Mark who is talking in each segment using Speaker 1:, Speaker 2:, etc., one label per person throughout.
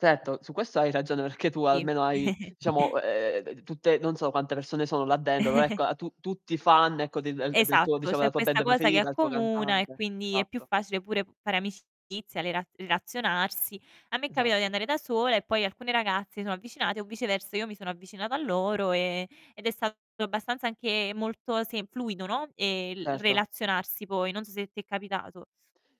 Speaker 1: Certo, su questo hai ragione perché tu
Speaker 2: Sì.
Speaker 1: almeno hai, diciamo, eh, tutte non so quante persone sono là dentro, però ecco a tu tutti fan ecco de el e del tuo
Speaker 2: Esatto,
Speaker 1: diciamo
Speaker 2: c'è
Speaker 1: della tua
Speaker 2: questa
Speaker 1: band
Speaker 2: cosa che
Speaker 1: preferita, il tuo
Speaker 2: accomuna, e
Speaker 1: cantante.
Speaker 2: quindi è più
Speaker 1: Esatto.
Speaker 2: facile pure fare amicizia, rela relazionarsi. A me è capitato di
Speaker 1: Esatto.
Speaker 2: andare da sola, e poi alcune ragazze si sono avvicinate o viceversa io mi sono avvicinata a loro, ehm, ed è stato abbastanza anche molto, sem fluido, no, ehm, l
Speaker 1: Certo.
Speaker 2: relazionarsi poi. Non so se ti è capitato.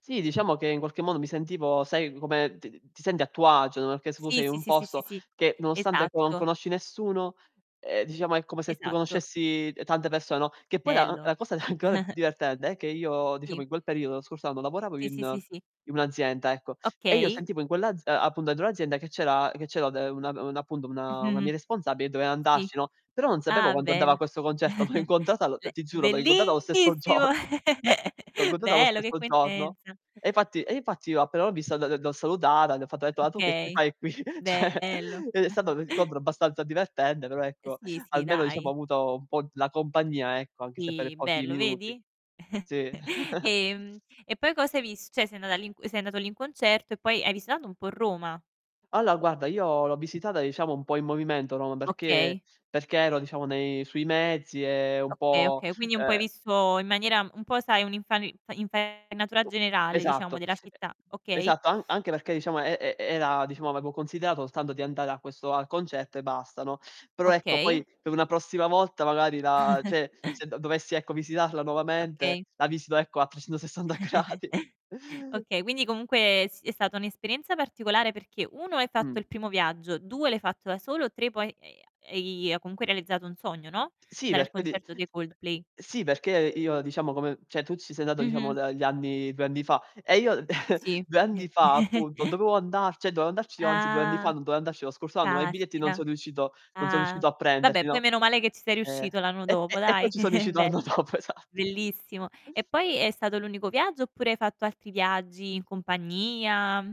Speaker 1: Sì, diciamo che in qualche modo mi sentivo, sai, come ti ti senti a tuo agio, no, perché su
Speaker 2: Sì,
Speaker 1: sei
Speaker 2: sì,
Speaker 1: un
Speaker 2: sì, sì, sì,
Speaker 1: posto
Speaker 2: sì.
Speaker 1: che nonostante, ecco, non
Speaker 2: Esatto.
Speaker 1: conosci nessuno, ehm, diciamo è come se tu
Speaker 2: Esatto.
Speaker 1: conoscessi tante persone, no, che poi la uhm,
Speaker 2: Bello.
Speaker 1: la cosa ancora più divertente è che io, diciamo,
Speaker 2: Sì.
Speaker 1: in quel periodo, lo scorso anno, lavoravo
Speaker 2: Sì, sì,
Speaker 1: in
Speaker 2: sì, sì.
Speaker 1: in un'azienda, ecco. E io
Speaker 2: Okay.
Speaker 1: sentivo in quell'az ehm, a appunto dentro l'azienda che c'era che c'era de una un appunto,
Speaker 2: Mh,
Speaker 1: una una mia
Speaker 2: mh-mh.
Speaker 1: responsabile e doveva
Speaker 2: Sì.
Speaker 1: andarci, no, però non sapevo
Speaker 2: Ah,
Speaker 1: quando andava a
Speaker 2: bel
Speaker 1: questo concerto. L'ho incontrata l
Speaker 2: cioè
Speaker 1: ti giuro, l'ho incontrata o stesso
Speaker 2: bellissimo!
Speaker 1: giorno. L'ho incontrata lo
Speaker 2: Bello, che
Speaker 1: stesso giorno.
Speaker 2: coincidenza!
Speaker 1: E infatti e infatti io appena l'ho vista, l l l'ho salutata, le ho fatto etto: "Ah tu che ci
Speaker 2: Okay,
Speaker 1: fai qui? Cioè."
Speaker 2: bello.
Speaker 1: E è stato un incontro abbastanza divertente, però
Speaker 2: Eh
Speaker 1: ecco,
Speaker 2: sì, sì,
Speaker 1: almeno diciamo ho
Speaker 2: dai.
Speaker 1: avuto un po' la compagnia, ecco, anche se per
Speaker 2: Sì,
Speaker 1: pochi
Speaker 2: bello,
Speaker 1: minuti.
Speaker 2: vedi?
Speaker 1: Sì.
Speaker 2: Ehm, e poi cos'hai vis cioè sei andata lì sei andato lì in concerto e poi hai visitato un po' Roma?
Speaker 1: Allora guarda, io l'ho visitata diciamo un po' in movimento Roma, perché
Speaker 2: Okay.
Speaker 1: perché ero diciamo nei sui mezzi, ehm, un
Speaker 2: Okay,
Speaker 1: po',
Speaker 2: okay, quindi un po' hai
Speaker 1: ehm
Speaker 2: visto in maniera un po', sai, un'infari fa infarinatura
Speaker 1: U
Speaker 2: generale, diciamo,
Speaker 1: esatto,
Speaker 2: della città.
Speaker 1: e
Speaker 2: Okay.
Speaker 1: esatto. An anche perché diciamo e e era, diciamo avevo considerato soltanto di andare a questo al concerto e basta, no? Però ecco, poi
Speaker 2: Okay.
Speaker 1: per una prossima volta magari la cioè se dovessi ecco, visitarla nuovamente,
Speaker 2: Okay.
Speaker 1: la visito ecco a 360 gradi.
Speaker 2: Okay, quindi comunque si è stata un'esperienza particolare perché 1: hai fatto
Speaker 1: Mh.
Speaker 2: il primo viaggio; 2: l'hai fatto da solo; 3: poi, e ha e i hai comunque realizzato un sogno, no,
Speaker 1: Sì,
Speaker 2: dare al
Speaker 1: perch d
Speaker 2: concerto dei Coldplay.
Speaker 1: sì, perché io diciamo come cioè tu ci sei andato diciamo
Speaker 2: Mh-mh.
Speaker 1: da gli anni 2 anni fa. E io
Speaker 2: Sì.
Speaker 1: 2 anni
Speaker 2: Eh
Speaker 1: fa, appunto, dovevo andar cioè dovevo andarci anzi 2 anni fa,
Speaker 2: Ah!
Speaker 1: non dovevo andarci lo scorso anno, ma i biglietti non
Speaker 2: Caspita.
Speaker 1: so riuscito non so
Speaker 2: Ah.
Speaker 1: riuscito a
Speaker 2: Vabbè,
Speaker 1: prenderli,
Speaker 2: poi
Speaker 1: no.
Speaker 2: meno male che ci sei
Speaker 1: Eh.
Speaker 2: riuscito l'anno
Speaker 1: E
Speaker 2: dopo,
Speaker 1: e e poi
Speaker 2: dai.
Speaker 1: ci so riuscito
Speaker 2: Bel
Speaker 1: anno dopo, esatto.
Speaker 2: bellissimo. E poi è stato l'unico viaggio oppure hai fatto altri viaggi in compagnia, mhmm